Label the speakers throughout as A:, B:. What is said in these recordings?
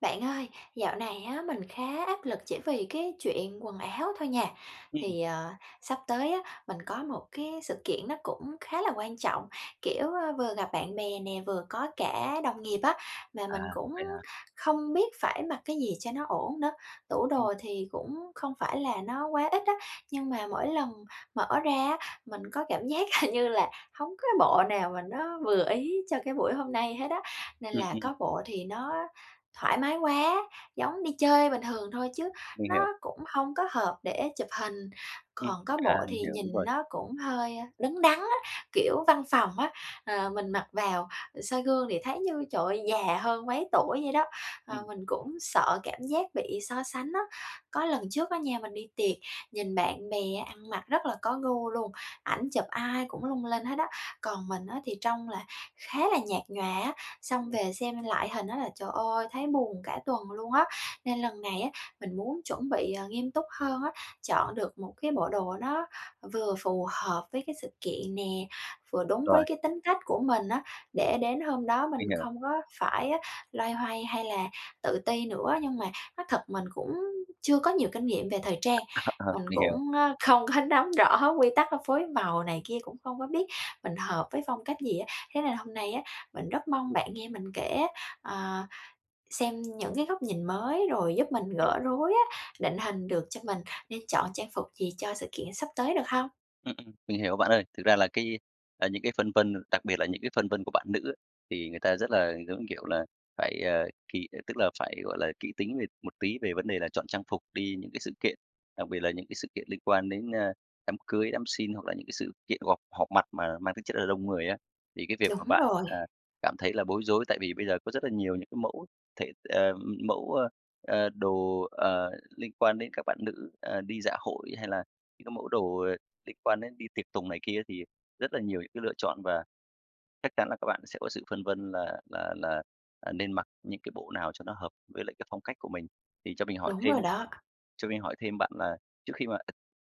A: Bạn ơi, dạo này á, mình khá áp lực chỉ vì cái chuyện quần áo thôi nha.
B: Ừm.
A: Thì, ờ, sắp tới á, mình có một cái sự kiện nó cũng khá là quan trọng, kiểu, ơ, vừa gặp bạn bè nè, vừa có cả đồng nghiệp á, mà
B: À,
A: mình cũng
B: vậy hả?
A: không biết phải mặc cái gì cho nó ổn nữa. Tủ
B: Ừm.
A: đồ thì cũng không phải là nó quá ít á, nhưng mà mỗi lần mở ra á, mình có cảm giác hình như là hông có cái bộ nào mà nó vừa ý cho cái buổi hôm nay hết á. Nên
B: Ừm,
A: là
B: ừm.
A: có bộ thì nó thoải mái quá, giống đi chơi bình thường thôi chứ
B: Mình
A: nó
B: hiểu.
A: cũng hông có hợp để chụp hình,
B: Ừm,
A: còn có
B: à,
A: bộ
B: mình
A: thì
B: hiểu, đúng
A: nhìn
B: rồi.
A: nó cũng hơi, ơ, đứng đắn á, kiểu, văn phòng á, ờ, mình mặc vào, ừ, soi gương thì thấy như, trời ơi, già hơn mấy tuổi vậy đó. Ờ,
B: Ừm.
A: mình cũng sợ cảm giác bị so sánh á, có lần trước á nha, mình đi tiệc, nhìn bạn bè ăn mặc rất là có gu luôn, ảnh chụp ai cũng lung linh hết á. Còn mình á thì trông là khá là nhạt nhòa á, xong
B: Ừm.
A: về xem lại hình á là, trời ơi, thấy buồn cả tuần luôn á. Nên lần này á, mình muốn chuẩn bị, ờ, nghiêm túc hơn á, chọn được một cái bộ đồ nó vừa phù hợp với cái sự kiện nè, vừa đúng với
B: Rồi.
A: cái tính cách của mình á, để đến hôm đó mình
B: Mình hiểu.
A: không có phải á, loay hoay hay là tự ti nữa. Nhưng mà nói thật mình cũng chưa có nhiều kinh nghiệm về thời trang,
B: [unintelligible] Ờ,
A: mình
B: mình hiểu.
A: cũng, ơ, không có nắm rõ quy tắc phối màu này kia, cũng không có biết mình hợp với phong cách gì á. Thế nên hôm nay á, mình rất mong bạn nghe mình kể á, ờ, xem những cái góc nhìn mới, rồi giúp mình
B: Ừm.
A: gỡ rối á, định hình được cho mình nên chọn trang phục gì cho sự kiện sắp tới được hông?
B: Ừm, ừm. Mình hiểu bạn ơi, thực ra là cái, à, những cái phân vân, đặc biệt là những cái phân vân của bạn nữ á, thì người ta rất là, giống kiểu là, phải, à, kỹ, à, tức là phải, gọi là, kỹ tính về một tí về vấn đề là chọn trang phục đi những cái sự kiện, đặc biệt là những cái sự kiện liên quan đến, a, đám cưới, đám xin hoặc là những cái sự kiện gộp họp mặt mà mang tính chất là đông người á. Thì cái việc mà
A: Đúng
B: bạn,
A: rồi.
B: à, cảm thấy là bối rối, tại vì bây giờ có rất là nhiều những cái mẫu thể ừm, mẫu, a, a, đồ, ờ, liên quan đến các bạn nữ, à, đi dạ hội hay là những cái mẫu đồ, ờ, liên quan đến đi tiệc tùng này kia thì rất là nhiều những cái lựa chọn. Và chắc chắn là các bạn sẽ có sự phân vân là là là, à, nên mặc những cái bộ nào cho nó hợp với lại cái phong cách của mình. Thì cho mình hỏi
A: Đúng rồi
B: thêm
A: đó.
B: cho mình hỏi thêm bạn là trước khi mà,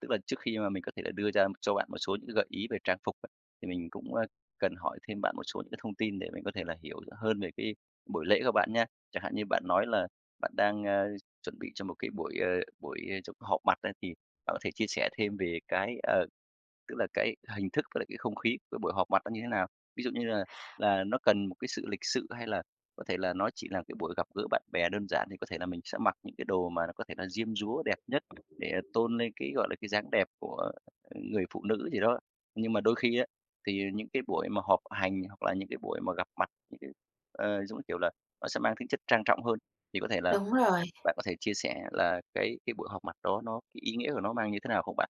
B: tức là trước khi mà mình có thể là đưa ra cho bạn một số những cái gợi ý về trang phục, [unintelligible] thì mình cũng, a, cần hỏi thêm bạn một số những cái thông tin để mình có thể là hiểu rõ hơn về cái buổi lễ của bạn nha. Chẳng hạn như bạn nói là bạn đang, a, chuẩn bị cho một cái buổi, ờ, buổi chụp họp mặt á thì bạn có thể chia sẻ thêm về cái, ờ, tức là cái hình thức với lại cái không khí cái buổi họp mặt đó như thế nào? Ví dụ như là là nó cần một cái sự lịch sự hay là có thể là nó chỉ là cái buổi gặp gỡ bạn bè đơn giản, thì có thể là mình sẽ mặc những cái đồ mà nó có thể là diêm dúa đẹp nhất để tôn lên cái, gọi là, cái dáng đẹp của người phụ nữ gì đó. Nhưng mà đôi khi á, thì những cái buổi mà họp hành hoặc là những cái buổi mà gặp mặt những cái, ờ, giống như kiểu là, nó sẽ mang tính chất trang trọng hơn, thì có thể là
A: Đúng rồi.
B: [unintelligible] bạn có thể chia sẻ là cái cái buổi họp mặt đó nó cái ý nghĩa của nó mang như thế nào không bạn?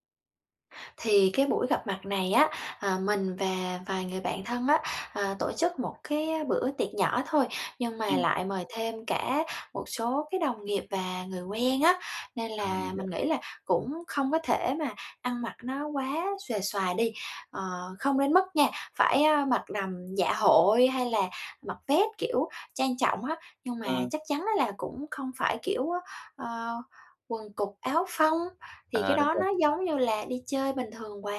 A: Thì cái buổi gặp mặt này á, ờ, mình và vài người bạn thân á, ờ, tổ chức một cái bữa tiệc nhỏ thôi. Nhưng mà
B: Ừm
A: lại mời thêm cả một số cái đồng nghiệp và người quen á, nên
B: À, mình
A: là
B: hiểu.
A: mình nghĩ là cũng không có thể mà ăn mặc nó quá xuề xòa đi. Ờ, không đến mức nha, phải, a, mặc đầm dạ hội hay là mặc vét, kiểu, trang trọng á. Nhưng mà
B: Ừm.
A: chắc chắn á là cũng không phải, kiểu á, ơ, quần cụt, áo phông, thì
B: À,
A: cái
B: đúng
A: đó
B: rồi.
A: nó giống như là đi chơi bình thường quá.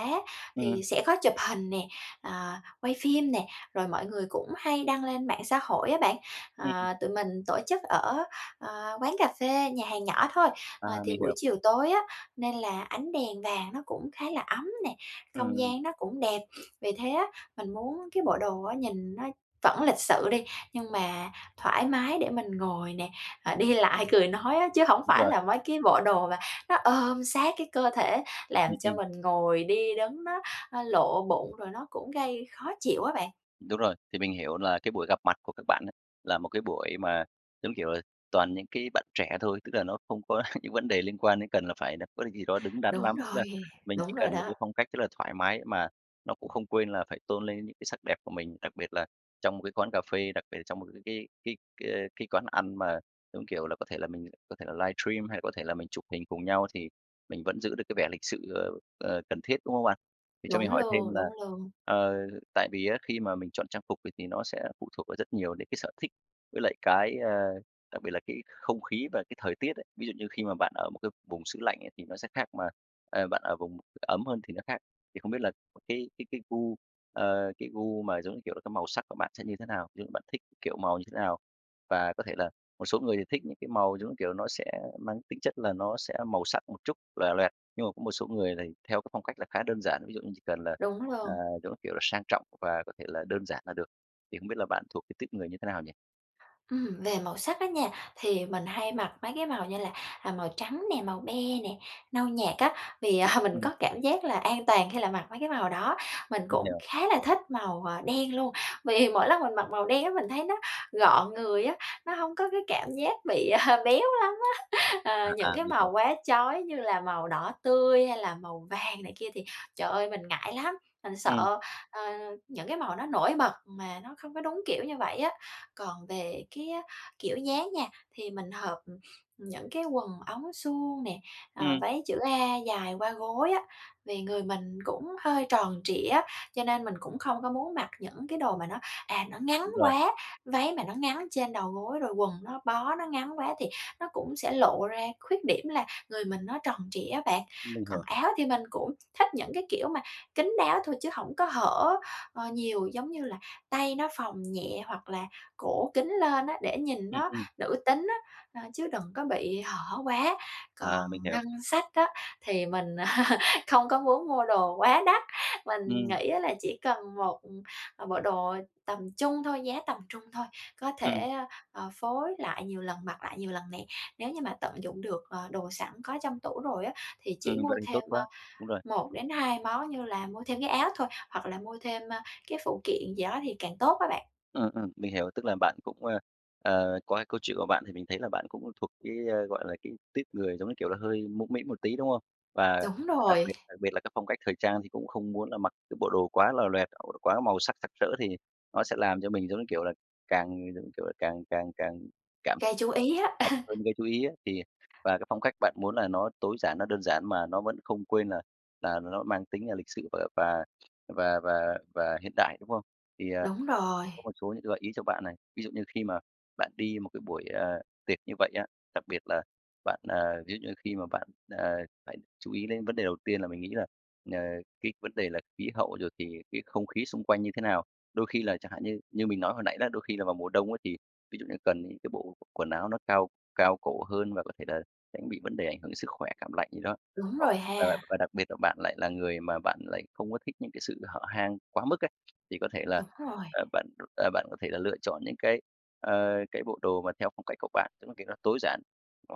B: Ừm.
A: Thì sẽ có chụp hình nè, à, quay phim nè, rồi mọi người cũng hay đăng lên mạng xã hội á bạn.
B: [unintelligible]
A: Ờ, tụi mình tổ chức ở, ờ, quán cà phê, nhà hàng nhỏ thôi.
B: À,
A: Ờ, thì
B: mình hiểu.
A: buổi chiều tối á, nên là ánh đèn vàng nó cũng khá là ấm nè,
B: Ừm,
A: không
B: ừm.
A: gian nó cũng đẹp. Vì thế á, mình muốn cái bộ đồ á nhìn nó vẫn lịch sự đi, nhưng mà thoải mái để mình ngồi nè, à, đi lại, cười nói á, chứ hổng
B: Đúng
A: phải
B: rồi.
A: là mấy cái bộ đồ mà nó ôm sát cái cơ thể
B: Ừm,
A: làm cho
B: ừm.
A: mình ngồi, đi, đứng nó, a, lộ bụng, rồi nó cũng gây khó chịu á bạn.
B: Đúng rồi, thì mình hiểu là cái buổi gặp mặt của các bạn ấy, là một cái buổi mà giống, kiểu là, toàn những cái bạn trẻ thôi, tức là nó không có những vấn đề liên quan đến cần là phải là có gì đó đứng đắn
A: Đúng
B: lắm. Tức
A: rồi,
B: là mình
A: đúng
B: chỉ
A: rồi
B: cần một cái
A: đó.
B: phong cách rất là thoải mái, mà nó cũng không quên là phải tôn lên những cái sắc đẹp của mình. Đặc biệt là trong một cái quán cà phê, đặc biệt là trong một cái cái cái cái cái quán ăn mà giống, kiểu là, có thể là mình có thể là livestream, hay là có thể là mình chụp hình cùng nhau thì mình vẫn giữ được cái vẻ lịch sự, ờ, ờ, cần thiết, đúng hông bạn? Thì cho mình
A: Đúng
B: hỏi thêm
A: luôn,
B: là,
A: đúng luôn.
B: ờ, tại vì á khi mà mình chọn trang phục thì thì nó sẽ phụ thuộc vào rất nhiều những cái sở thích, với lại cái, a, đặc biệt là cái không khí và cái thời tiết ấy. Ví dụ như khi mà bạn ở một cái vùng xứ lạnh ấy thì nó sẽ khác, mà, ờ, bạn ở vùng ấm hơn thì nó khác. Thì không biết là cái cái cái gu, ờ, cái gu mà giống như, kiểu là, cái màu sắc của bạn sẽ như thế nào? Ví dụ như bạn thích, kiểu, màu như thế nào? Và có thể là một số người thì thích những cái màu giống, như kiểu, nó sẽ mang tính chất là nó sẽ màu sắc một chút, lòe loẹt. Nhưng mà có một số người thì theo cái phong cách là khá đơn giản, ví dụ như chỉ cần là,
A: Đúng
B: à,
A: luôn.
B: giống kiểu là, sang trọng và có thể là đơn giản là được. Thì không biết là bạn thuộc cái tuýp người như thế nào nhỉ?
A: Ừm, về màu sắc á nha, thì mình hay mặc mấy cái màu như là, à, màu trắng nè, màu be nè, nâu nhạt á, vì, à, mình
B: Ừm.
A: có cảm giác là an toàn khi là mặc mấy cái màu đó. Mình
B: Mình
A: cũng
B: hiểu.
A: khá là thích màu, à, đen luôn. Vì mỗi lần mình mặc màu đen á, mình thấy nó gọn người á, nó hông có cái cảm giác bị, à, béo lắm á. Ờ,
B: À,
A: những
B: à,
A: cái
B: mình
A: màu
B: hiểu.
A: quá chói như là màu đỏ tươi, hay là màu vàng này kia thì trời ơi, mình ngại lắm, mình
B: Ừm.
A: sợ, ờ, những cái màu nó nổi bật mà nó không có đúng kiểu như vậy á. Còn về cái á kiểu dáng nha, thì mình hợp, ừm, những cái quần ống suông nè, à,
B: Ừm.
A: váy chữ A dài qua gối á, vì người mình cũng hơi tròn trịa á, cho nên mình cũng không có muốn mặc những cái đồ mà nó, à, nó ngắn
B: Đúng rồi.
A: quá. Váy mà nó ngắn trên đầu gối, rồi quần nó bó nó ngắn quá thì nó cũng sẽ lộ ra khuyết điểm là người mình nó tròn trịa á bạn.
B: Mình
A: Còn
B: hiểu.
A: áo thì mình cũng thích những cái kiểu mà kín đáo thôi chứ hổng có hở, ờ, nhiều giống như là tay nó phồng nhẹ, hoặc là cổ kín lên á, để nhìn
B: Ừm,
A: nó
B: ừm.
A: nữ tính á, à, chứ đừng có bị hở quá.
B: À,
A: Còn
B: mình hiểu.
A: ngân sách á thì mình không có muốn mua đồ quá đắt, mình
B: Ừm.
A: nghĩ á là chỉ cần một, ừm, bộ đồ tầm trung thôi, giá tầm trung thôi, có thể,
B: Ừm.
A: a, ờ, phối lại nhiều lần, mặc lại nhiều lần nè. Nếu như mà tận dụng được, ờ, đồ sẵn có trong tủ rồi á, thì
B: Ừm,
A: chỉ mua
B: vậy thì tốt
A: thêm, a,
B: quá, đúng rồi.
A: 1-2 món như là mua thêm cái áo thôi, hoặc là mua thêm, a, cái phụ kiện gì đó thì càng tốt á bạn.
B: Ừ, ừ, mình hiểu, tức là bạn cũng, a, ờ, qua cái câu chuyện của bạn thì mình thấy là bạn cũng thuộc cái, a, gọi là, cái tuýp người, giống như, kiểu là, hơi mũm mĩm một tí, đúng không? Và
A: Đúng
B: đặc
A: rồi.
B: biệt đặc biệt là cái phong cách thời trang thì cũng không muốn là mặc cái bộ đồ quá lòe loẹt [unintelligible] quá màu sắc sặc sỡ thì nó sẽ làm cho mình giống như, kiểu là, càng, giống như, kiểu là, càng càng càng cảm
A: Gây chú ý á.
B: mập hơn gây chú ý á. Thì và cái phong cách bạn muốn là nó tối giản, nó đơn giản mà nó vẫn không quên là là nó nó mang tính là lịch sự và và và và và hiện đại, đúng không? Thì, à,
A: Đúng rồi.
B: có một số những cái gợi ý cho bạn này, ví dụ như khi mà bạn đi một cái buổi, ờ, tiệc như vậy á. Đặc biệt là bạn, à, ví dụ như khi mà bạn, à, phải chú ý đến vấn đề đầu tiên là mình nghĩ là, ờ, cái vấn đề là khí hậu, rồi thì cái không khí xung quanh như thế nào. Đôi khi là chẳng hạn như như mình nói hồi nãy đó, đôi khi là vào mùa đông á thì, ví dụ như cần những cái bộ quần áo nó cao cao cổ hơn và có thể là tránh bị vấn đề ảnh hưởng đến sức khỏe cảm lạnh gì đó.
A: Đúng
B: Hoặc
A: rồi
B: và và
A: ha.
B: và đặc biệt là bạn lại là người mà bạn lại không có thích những cái sự hở hang quá mức ấy, thì có thể là,
A: Đúng rồi.
B: ờ, bạn, ờ, bạn có thể là lựa chọn những cái, a, cái bộ đồ mà theo phong cách của bạn, tức là, kiểu, nó tối giản.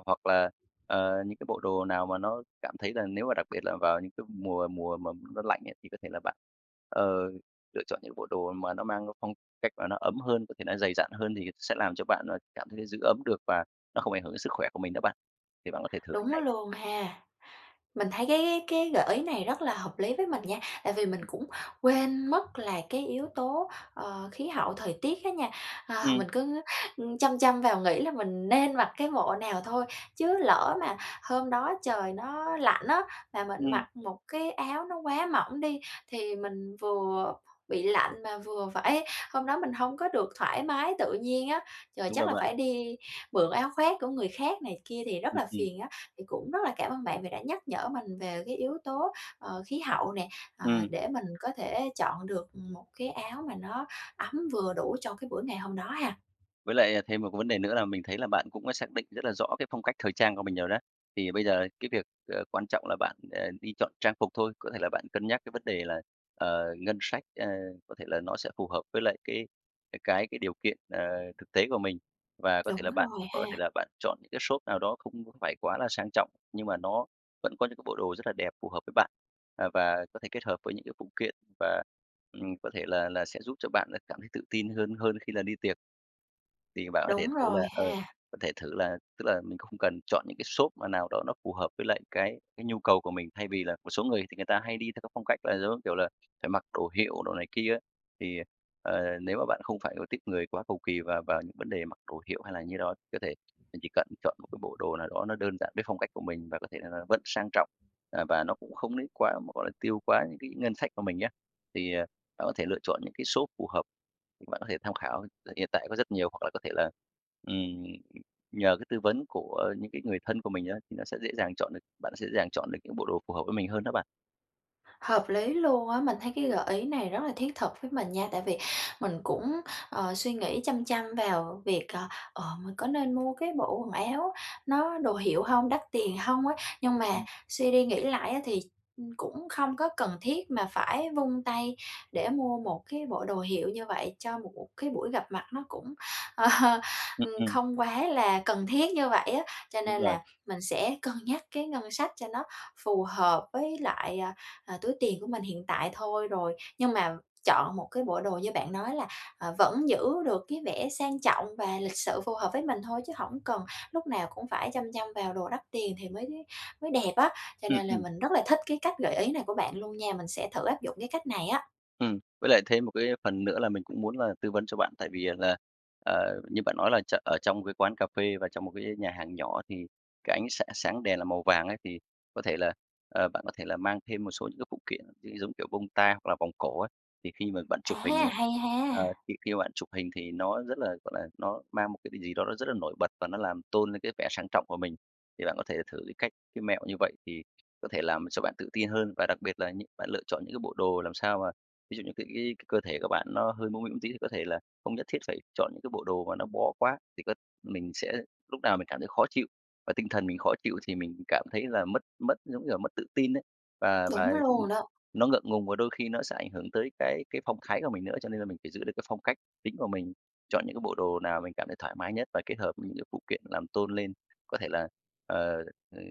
B: Hoặc là, ờ, những cái bộ đồ nào mà nó cảm thấy là nếu mà đặc biệt là vào những cái mùa mùa mà nó lạnh ấy, thì có thể là bạn, ờ, lựa chọn những bộ đồ mà nó mang cái phong cách mà nó ấm hơn, có thể nó dày dặn hơn thì sẽ làm cho bạn là cảm thấy giữ ấm được và nó không ảnh hưởng đến sức khỏe của mình đó bạn. Thì bạn có thể thử cách
A: Đúng
B: này.
A: luôn ha. Mình thấy cái cái cái gợi ý này rất là hợp lý với mình nha, tại vì mình cũng quên mất là cái yếu tố, ờ, khí hậu thời tiết á nha. Ờ,
B: Ừm.
A: mình cứ, ừm, chăm chăm vào nghĩ là mình nên mặc cái bộ nào thôi. Chứ lỡ mà hôm đó trời nó lạnh á, mà mình
B: Ừm.
A: mặc một cái áo nó quá mỏng đi, thì mình vừa bị lạnh, mà vừa phải hôm đó mình hông có được thoải mái tự nhiên á. Rồi
B: Đúng rồi
A: chắc là
B: bạn.
A: phải đi mượn áo khoác của người khác này kia thì rất
B: Ừm,
A: là
B: ừm.
A: phiền á. Thì cũng rất là cảm ơn bạn vì đã nhắc nhở mình về cái yếu tố, ờ, khí hậu nè, ờ,
B: Ừm.
A: để mình có thể chọn được một cái áo mà nó ấm vừa đủ cho cái buổi ngày hôm đó ha.
B: Với lại, à, thêm một cái vấn đề nữa là mình thấy là bạn cũng xác định rất là rõ cái phong cách thời trang của mình rồi đó. Thì bây giờ cái việc, ờ, quan trọng là bạn, ờ, đi chọn trang phục thôi. Có thể là bạn cân nhắc cái vấn đề là, ờ, ngân sách, ờ, có thể là nó sẽ phù hợp với lại cái cái cái cái điều kiện, ờ, thực tế của mình. Và có thể là
A: Đúng
B: bạn
A: rồi
B: có thể
A: ha.
B: là bạn chọn những cái shop nào đó không phải quá là sang trọng, nhưng mà nó vẫn có những cái bộ đồ rất là đẹp, phù hợp với bạn, à, và có thể kết hợp với những cái phụ kiện và, ừm, có thể là là sẽ giúp cho bạn là cảm thấy tự tin hơn hơn khi là đi tiệc. Thì bạn có thể
A: Đúng
B: thử là,
A: rồi
B: ờ,
A: ha.
B: có thể thử là tức là mình không cần chọn những cái shop mà nào đó nó phù hợp với lại cái cái nhu cầu của mình. Thay vì là một số người thì người ta hay đi theo cái phong cách là, giống như, kiểu là, phải mặc đồ hiệu đồ này kia á. Thì, ờ, ờ, nếu mà bạn không phải là tuýp người quá cầu kỳ vào vào những vấn đề mặc đồ hiệu hay là như đó, có thể chỉ cần chọn một cái bộ đồ nào đó nó đơn giản với phong cách của mình và có thể rằng là vẫn sang trọng. À, và nó cũng không đến quá, gọi là, tiêu quá những cái ngân sách của mình á. Thì, ờ, bạn có thể lựa chọn những cái shop phù hợp. Bạn có thể tham khảo hiện tại có rất nhiều hoặc là có thể là, ừm, nhờ cái tư vấn của những cái người thân của mình á, thì nó sẽ dễ dàng chọn được bạn sẽ dễ dàng chọn được những bộ đồ phù hợp với mình hơn đó bạn.
A: Hợp lý luôn á, mình thấy cái gợi ý này rất là thiết thực với mình nha, tại vì mình cũng, ờ, suy nghĩ chăm chăm vào việc, ờ, ờ, mình có nên mua cái bộ quần áo nó đồ hiệu hông, đắt tiền hông á. Nhưng mà
B: Ừm.
A: suy đi nghĩ lại á thì, ừm, cũng không có cần thiết mà phải vung tay để mua một cái bộ đồ hiệu như vậy cho một một cái buổi gặp mặt nó cũng, ờ,
B: Ừm,
A: ừm,
B: ừm.
A: không quá là cần thiết như vậy á. Cho
B: Đúng
A: nên
B: rồi.
A: là mình sẽ cân nhắc cái ngân sách cho nó phù hợp với lại, à, à, túi tiền của mình hiện tại thôi rồi. Nhưng mà chọn một cái bộ đồ như bạn nói là, ờ, vẫn giữ được cái vẻ sang trọng và lịch sự phù hợp với mình thôi, chứ hổng cần lúc nào cũng phải chăm chăm vào đồ đắt tiền thì mới mới đẹp á. Cho
B: Ừm,
A: nên là
B: ừm.
A: mình rất là thích cái cách gợi ý này của bạn luôn nha, mình sẽ thử áp dụng cái cách này á.
B: Ừm, với lại thêm một cái phần nữa là mình cũng muốn là tư vấn cho bạn tại vì, ờ, là, ờ, như bạn nói là tr ở trong cái quán cà phê và trong một cái nhà hàng nhỏ thì cái ánh sáng sáng đèn là màu vàng ấy thì có thể là, ờ, bạn có thể là mang thêm một số những cái phụ kiện gi giống kiểu bông tai hoặc là vòng cổ ấy. Thì khi mà bạn chụp
A: À,
B: hình ấy
A: hay
B: ờ,
A: ha.
B: thì khi bạn chụp hình thì nó rất là, gọi là, nó mang một cái gì đó nó rất là nổi bật và nó làm tôn lên cái vẻ sang trọng của mình. Thì bạn có thể thử cái cách, cái mẹo như vậy thì có thể làm cho bạn tự tin hơn. Và đặc biệt là những bạn lựa chọn những cái bộ đồ làm sao mà ví dụ như t ý cơ thể của bạn nó hơi mũm mĩm tí thì có thể là không nhất thiết phải chọn những cái bộ đồ mà nó bó quá thì cơ mình sẽ lúc nào mình cảm thấy khó chịu. Và tinh thần mình khó chịu thì mình cảm thấy là mất mất, giống như là, mất tự tin ấy và và,
A: Đúng
B: ừm,
A: luôn đó.
B: nó ngượng ngùng. Và đôi khi nó sẽ ảnh hưởng tới cái cái phong thái của mình nữa, cho nên là mình phải giữ được cái phong cách chính của mình, chọn những cái bộ đồ nào mình cảm thấy thoải mái nhất và kết hợp với những cái phụ kiện làm tôn lên có thể là, ờ, ờ,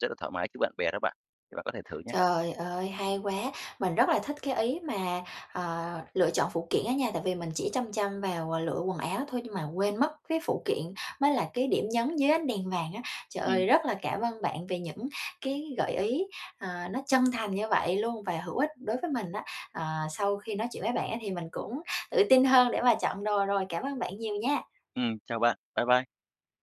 B: rất là thoải mái trước bạn bè đó bạn, thì bạn có thể thử nhá.
A: Trời ơi, hay quá, mình rất là thích cái ý mà, ờ, lựa chọn phụ kiện á nha, tại vì mình chỉ chăm chăm vào lựa quần áo thôi nhưng mà quên mất cái phụ kiện mới là cái điểm nhấn dưới ánh đèn vàng á. Trời
B: Ừm.
A: ơi, rất là cảm ơn bạn về những cái gợi ý, ờ, nó chân thành như vậy luôn và hữu ích đối với mình á. Ờ, sau khi nói chuyện với bạn á thì mình cũng tự tin hơn để mà chọn đồ rồi, cảm ơn bạn nhiều nha.
B: Ừm, chào bạn. Bye bye.